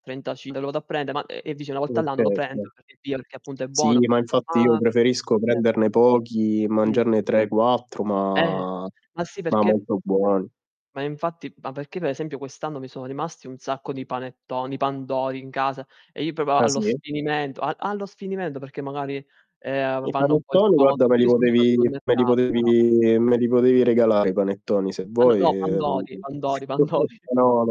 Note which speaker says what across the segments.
Speaker 1: Trentaci me lo vado a prende ma e e dici 1
Speaker 2: Sì,
Speaker 1: volta all'anno lo
Speaker 2: okay, sì.
Speaker 1: prendo per dire che appunto è
Speaker 2: Sì,
Speaker 1: buono.
Speaker 2: ma infatti io
Speaker 1: Ma
Speaker 2: preferisco
Speaker 1: certo.
Speaker 2: prenderne pochi e
Speaker 1: Mh.
Speaker 2: mangiarne 3, 4
Speaker 1: Eh.
Speaker 2: ma
Speaker 1: Ma sì
Speaker 2: ma
Speaker 1: perché
Speaker 2: molto buoni.
Speaker 1: Ma infatti, ma perché pe esempio quest'anno mi sono rimasti un sacco di panettoni, di pandori in casa e io proprio
Speaker 2: Ah,
Speaker 1: allo
Speaker 2: sì?
Speaker 1: sfinimento a allo sfinimento, perché magari, ehm, va
Speaker 2: I
Speaker 1: vanno un po' in
Speaker 2: panettoni guarda
Speaker 1: sconto
Speaker 2: me li
Speaker 1: [unintelligible]
Speaker 2: potevi
Speaker 1: sul
Speaker 2: me li
Speaker 1: mercato, però
Speaker 2: potevi me li potevi regalare i panettoni se
Speaker 1: Allo
Speaker 2: vuoi.
Speaker 1: no, pandori pandori pandori.
Speaker 2: No,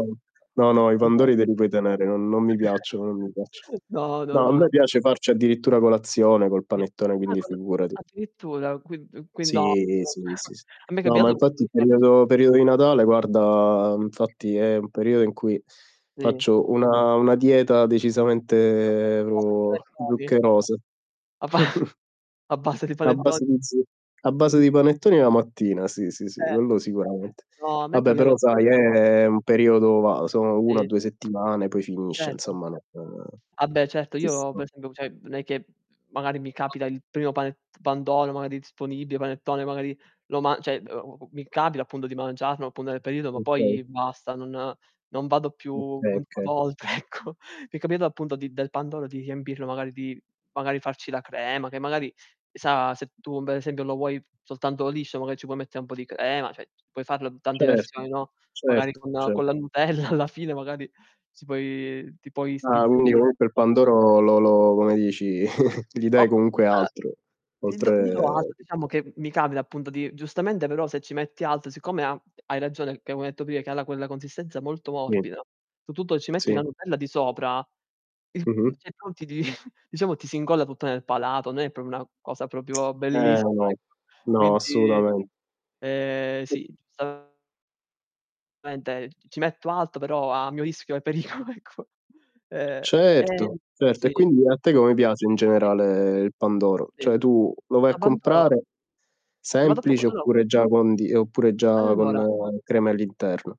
Speaker 2: no, no i
Speaker 1: pando
Speaker 2: pandori te li puoi tenere, non non mi piacciono non mi piacciono.
Speaker 1: No, no,
Speaker 2: No a
Speaker 1: no, no.
Speaker 2: me piace farci addirittura colazione col
Speaker 1: Sì,
Speaker 2: panettone
Speaker 1: ah
Speaker 2: quindi
Speaker 1: col
Speaker 2: figurati.
Speaker 1: addirittura [unintelligible]
Speaker 2: Sì. Sì, sì sì.
Speaker 1: a me é
Speaker 2: No ma
Speaker 1: cambiato tipo
Speaker 2: infatti
Speaker 1: di
Speaker 2: il
Speaker 1: farci
Speaker 2: periodo
Speaker 1: di
Speaker 2: periodo di Natale guarda infatti, è un periodo in cui
Speaker 1: Sì.
Speaker 2: faccio una una dieta decisamente
Speaker 1: [unintelligible] di panettoni
Speaker 2: zuccherose.
Speaker 1: A ba A base di
Speaker 2: A
Speaker 1: panetto
Speaker 2: base di zuccheri, a base
Speaker 1: Di
Speaker 2: di panettoni la mattina, sì, sì, sì,
Speaker 1: Eh.
Speaker 2: quello sicuramente.
Speaker 1: No a me è
Speaker 2: Vabbè,
Speaker 1: capitato
Speaker 2: però sai
Speaker 1: si
Speaker 2: è un periodo va, sono una
Speaker 1: Sì.
Speaker 2: due settimane poi finisce
Speaker 1: Certo.
Speaker 2: insomma, ehm,
Speaker 1: Ah beh certo,
Speaker 2: ci
Speaker 1: io
Speaker 2: sta.
Speaker 1: per esempio, cioè, non è che magari mi capita il primo panet pandoro magari disponibile, panettone, magari, lo ma cioè, mi capita appunto di mangiarlo appunto, nel periodo, ma
Speaker 2: Okay.
Speaker 1: poi basta, non non vado più
Speaker 2: Okay,
Speaker 1: a
Speaker 2: okay.
Speaker 1: volte ecco. Mi è capitato appunto di del pandoro, di riempirlo magari di magari farci la crema, che magari chissà se tu per esempio lo vuoi soltanto liscio, magari ci puoi mettere un po' di crema, cioè, puoi farlo tante
Speaker 2: Certo,
Speaker 1: versioni, no, magari
Speaker 2: certo,
Speaker 1: con
Speaker 2: cer
Speaker 1: con la nutella alla fine magari si puoi ti puoi
Speaker 2: Ah, quindi
Speaker 1: sbizzarrire.
Speaker 2: comunque il pandoro lo lo come dici, gli dai
Speaker 1: [unintelligible]
Speaker 2: comunque
Speaker 1: Alla
Speaker 2: altro,
Speaker 1: [unintelligible]
Speaker 2: oltre
Speaker 1: altro, diciamo che mi capita appunto di giustamente però se ci metti altro, siccome ha hai ragione, che avevo detto prima che ha quella consistenza molto
Speaker 2: Sì.
Speaker 1: morbida, soprattutto ci metti
Speaker 2: Sì.
Speaker 1: la nutella di sopra, il
Speaker 2: Mh-mh.
Speaker 1: [unintelligible] diciamo ti si incolla tutto nel palato, non è proprio una cosa proprio
Speaker 2: Eh
Speaker 1: bellissima
Speaker 2: no,
Speaker 1: ecco.
Speaker 2: no
Speaker 1: Quindi
Speaker 2: assolutamen
Speaker 1: ehm,
Speaker 2: [unintelligible]
Speaker 1: sì, [unintelligible] [unintelligible] ci metto altro però a mio rischio e pericolo ecco. Ehm,
Speaker 2: Certo, certo e
Speaker 1: sì.
Speaker 2: quindi a te come piace in
Speaker 1: [unintelligible]
Speaker 2: generale il pandoro?
Speaker 1: Sì.
Speaker 2: Cioè, tu lo vai
Speaker 1: A
Speaker 2: a
Speaker 1: pandoro
Speaker 2: comprare
Speaker 1: e vado a poco
Speaker 2: semplice
Speaker 1: ah no.
Speaker 2: oppure già condi oppure già con
Speaker 1: Allora
Speaker 2: crema all'interno?